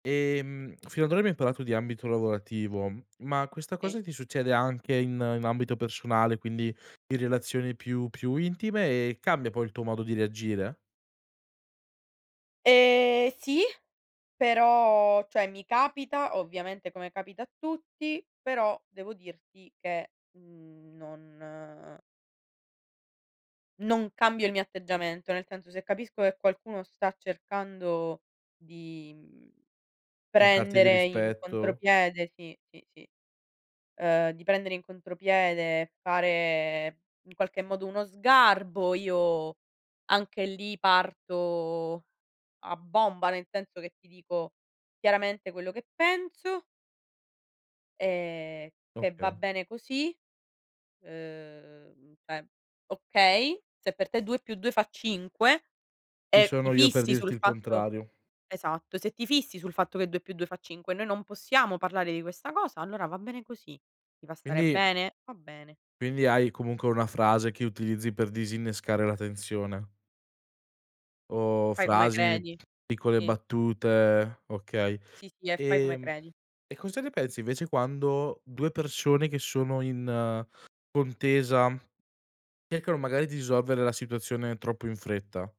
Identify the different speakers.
Speaker 1: Ehm, fino ad ora abbiamo parlato di ambito lavorativo, ma questa cosa
Speaker 2: Sì.
Speaker 1: ti succede anche in in ambito personale, quindi in relazioni più più intime e cambia poi il tuo modo di reagire?
Speaker 2: Ehm, sì, però cioè mi capita ovviamente come capita a tutti, però devo dirti che, mhmm, non non cambio il mio atteggiamento, nel senso se capisco che qualcuno sta cercando di, mhmm,
Speaker 1: Mancarti di
Speaker 2: prendere in
Speaker 1: rispetto
Speaker 2: contropiede sì, sì, sì, uhm, di prendere in contropiede, fare in qualche modo uno sgarbo, io anche lì parto a bomba. Nel senso che ti dico chiaramente quello che penso e che va
Speaker 1: Okay.
Speaker 2: bene così. Uhm, cioè, okay, se per te 2+2 fa 5
Speaker 1: Chi
Speaker 2: e ti
Speaker 1: sono io per
Speaker 2: fissi
Speaker 1: dirti
Speaker 2: sul
Speaker 1: il
Speaker 2: fatto
Speaker 1: contrario.
Speaker 2: esatto, se ti fissi sul fatto che 2+2 fa 5 noi non possiamo parlare di questa cosa, allora va bene così. Ti fa stare
Speaker 1: Quindi
Speaker 2: bene? Va bene.
Speaker 1: quindi hai comunque una frase che utilizzi per disinnescare la tensione? O
Speaker 2: Fai come
Speaker 1: frasi,
Speaker 2: credi.
Speaker 1: piccole
Speaker 2: Sì
Speaker 1: battute, okay.
Speaker 2: Sì, sì, e fai come
Speaker 1: Ehm,
Speaker 2: credi.
Speaker 1: e cosa ne pensi invece quando 2 persone che sono in contesa, cercano magari di risolvere la situazione troppo in fretta?